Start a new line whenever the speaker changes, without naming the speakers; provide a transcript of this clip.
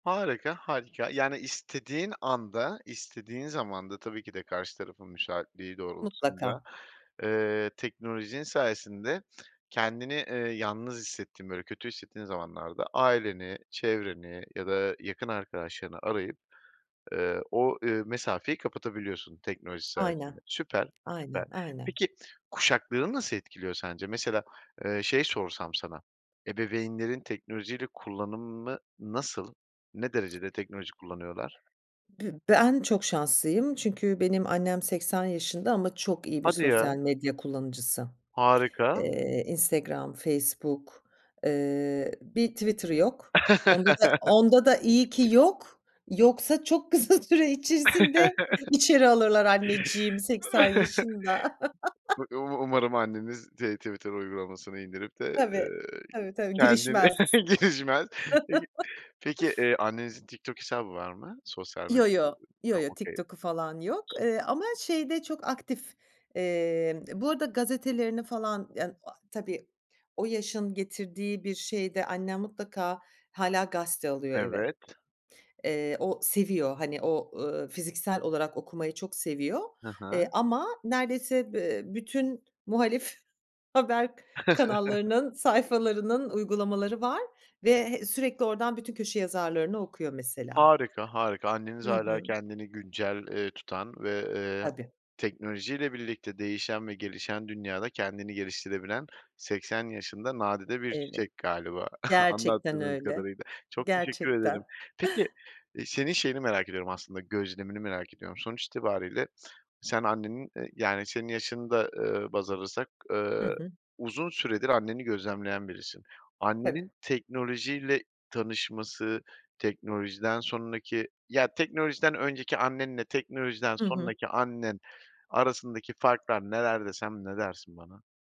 Harika, harika, yani istediğin anda, istediğin zamanda, tabii ki de karşı tarafın müsaitliği doğrultusunda,
Mutlaka.
eee, teknolojinin sayesinde kendini, eee, yalnız hissettiğin böyle kötü hissettiğin zamanlarda aileni, çevreni ya da yakın arkadaşlarını arayıp, eee, o, eee, mesafeyi kapatabiliyorsun teknoloji sayesinde.
Aynen,
Süper, süper.
aynen, aynen.
Peki, kuşakları nasıl etkiliyor sence? Mesela, eee, şey sorsam sana, ebeveynlerin teknolojiyle kullanımı nasıl? Ne derecede teknoloji kullanıyorlar?
Bü ben çok şanslıyım çünkü benim annem 80 yaşında ama çok iyi bir
Hadi
sosyal
ya.
medya kullanıcısı.
Harika.
Eee, Instagram, Facebook, eee, bir Twitter'ı yok. Onda da, onda da, iyi ki yok. Yoksa çok kısa süre içerisinde içeri alırlar anneciğimi 80 yaşında.
Um umarım anneniz de Twitter uygulamasını indirip de,
Tabii,
eee,
tabii, tabii,
kendini
girişmez.
geçmez. Peki, annenizin TikTok hesabı var mı? Sosyal
Yo
medya
yo,
[unintelligible]
yo
ha
yo
okay.
TikTok'u falan yok, eee, ama şeyde çok aktif. Eee, bu arada gazetelerini falan, yani, a tabii o yaşın getirdiği bir şeyde annem mutlaka hâlâ gazete alıyor eve.
Evet.
Eee, o seviyor, hani, o, ııı, fiziksel olarak okumayı çok seviyor,
Hı
eee,
hı.
ama neredeyse be bütün muhalif haber kanallarının sayfalarının uygulamaları var ve, eee, sürekli oradan bütün köşe yazarlarını okuyor mesela.
Harika, harika, anneniz
Hı
hâlâ
hı.
kendini güncel, eee, tutan ve, eee,
Tabii.
teknolojiyle birlikte değişen ve gelişen dünyada kendini geliştirebilen 80 yaşında, nadide bir
Evet.
çiçek galiba
Gerçekten
anlattığınız
öyle.
kadarıyla. Çok teşekkür ederim.
Gerçekten.
Peki, eee, senin şeyini merak ediyorum aslında, gözlemini merak ediyorum. Sonuç itibariyle sen annenin, eee, yani senin yaşını da baz alırsak,
Hı
eee,
hı.
uzun süredir anneni gözlemleyen birisin.
Tabii.
Annenin teknolojiyle tanışması, teknolojiden sonraki, ya teknolojiden önceki annenle teknolojiden
Hı hı.
sonraki annen arasındaki farklar neler desem, ne dersin bana?